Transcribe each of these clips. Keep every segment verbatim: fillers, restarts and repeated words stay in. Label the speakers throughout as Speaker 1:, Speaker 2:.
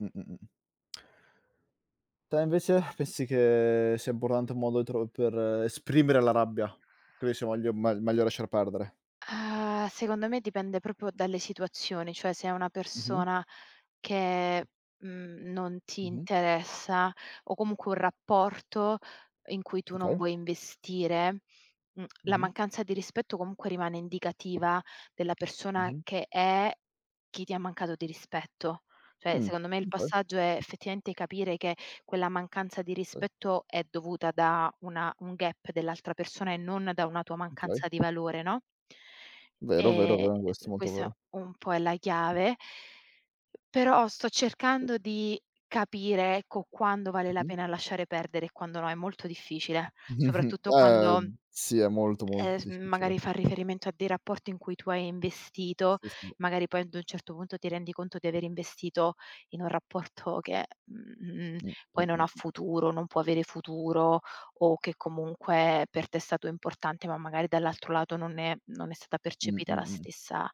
Speaker 1: Mh-mh, mh-mh. Te invece? pessi che sia importante un modo tro per esprimere la rabbia? Credi sia voglia megl meglio lasciar perdere?
Speaker 2: Ah, secondo me dipende propio dalle situazioni, cioè se è una
Speaker 1: Mh-mh.
Speaker 2: persona che, mhmm, non ti
Speaker 1: Mh-mh.
Speaker 2: interessa o comunque un rapporto in cui tu non
Speaker 1: Okay.
Speaker 2: vuoi investire, mhmm, la
Speaker 1: Mh-mh.
Speaker 2: mancanza di rispetto comunque rimane indicativa della persona
Speaker 1: Mh-mh.
Speaker 2: che è, chi ti ha mancato di rispetto. Cioè,
Speaker 1: Mh,
Speaker 2: secondo me il
Speaker 1: okay.
Speaker 2: passaggio è effettivamente capire che quella mancanza di
Speaker 1: [unintelligible]
Speaker 2: rispetto è dovuta da una un gap dell'altra persona e non da una tua
Speaker 1: Okay.
Speaker 2: mancanza di valore, no?
Speaker 1: Vero, vero,
Speaker 2: Ehm,
Speaker 1: vero, questo è molto
Speaker 2: questa
Speaker 1: vero.
Speaker 2: un po' è la chiave. Però sto cercando di capire, ecco, quando vale la
Speaker 1: Mh-mh.
Speaker 2: pena lasciare perdere e quando no. È molto difficile, soprattutto
Speaker 1: Eh
Speaker 2: quando,
Speaker 1: sì, è molto,
Speaker 2: ehm,
Speaker 1: molto
Speaker 2: s
Speaker 1: difficile.
Speaker 2: magari fa riferimento a dei rapporti in cui tu hai investito,
Speaker 1: Sì, sì.
Speaker 2: magari poi ad un certo punto ti rendi conto di aver investito in un rapporto che, mhmm,
Speaker 1: Mh-mh,
Speaker 2: poi non ha
Speaker 1: mh-mh.
Speaker 2: futuro, non può avere futuro o che comunque per te è stato importante, ma magari dall'altro lato non è non è stata
Speaker 1: Mh-mh,
Speaker 2: percepita la
Speaker 1: mh.
Speaker 2: stessa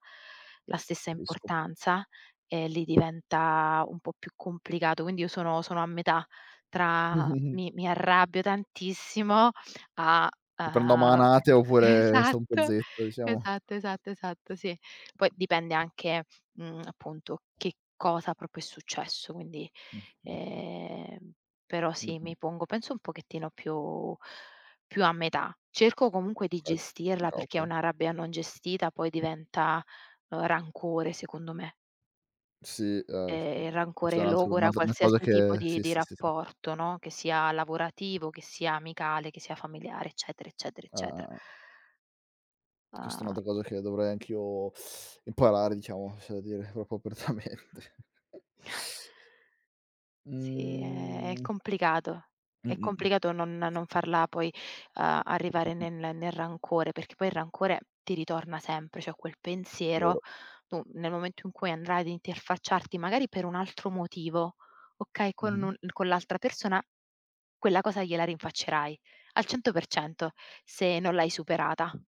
Speaker 2: la stessa
Speaker 1: Capisco.
Speaker 2: importanza. E lì diventa un po' più complicato. Quindi io sono sono a metà tra mi mi arrabbio tantissimo a
Speaker 1: Ti prendo a
Speaker 2: a
Speaker 1: manate oppure sto un po'
Speaker 2: esatto,
Speaker 1: zitto, diciamo.
Speaker 2: esatto, esatto, esatto, sì. Poi dipende anche, mhmm, appunto che cosa propio è successo. Quindi,
Speaker 1: Mh-mh, mh.
Speaker 2: ehm, però sì,
Speaker 1: Mh-mh.
Speaker 2: mi pongo penso un pochettino più più a metà. Cerco comunque di
Speaker 1: ka.
Speaker 2: gestirla,
Speaker 1: Oka
Speaker 2: perché
Speaker 1: oka
Speaker 2: una rabbia non gestita poi diventa, uhm, rancore secondo me.
Speaker 1: Sì,
Speaker 2: E
Speaker 1: ehm,
Speaker 2: e il
Speaker 1: s c'è
Speaker 2: rancore
Speaker 1: un altro
Speaker 2: logora
Speaker 1: un'altra una cosa
Speaker 2: qualsiasi tipo
Speaker 1: che
Speaker 2: di
Speaker 1: sì,
Speaker 2: di
Speaker 1: sì, sì, sì.
Speaker 2: rapporto, no, che sia lavorativo, che sia amicale, che sia familiare, eccetera, eccetera,
Speaker 1: Ah-ah,
Speaker 2: eccetera.
Speaker 1: ah. Questa è
Speaker 2: Ah
Speaker 1: un'altra cosa che dovrei anch'io imparare, diciamo, c'è da dire propio apertamente.
Speaker 2: Sì, è è
Speaker 1: Mhmm
Speaker 2: complicato. È
Speaker 1: Mh-mh, mh.
Speaker 2: complicato non non farla poi, uhm, arrivare
Speaker 1: Mh-mh.
Speaker 2: ne ne nel rancore, perché poi il rancore ti ritorna sempre. ceh, quel pensiero,
Speaker 1: Vero.
Speaker 2: tu nel momento in cui andrai ad interfacciarti, magari per un altro motivo, okay, con
Speaker 1: Mh-mh.
Speaker 2: un con l'altra persona, quella cosa gliela rinfaccerai al cento per cento se non l'hai superata.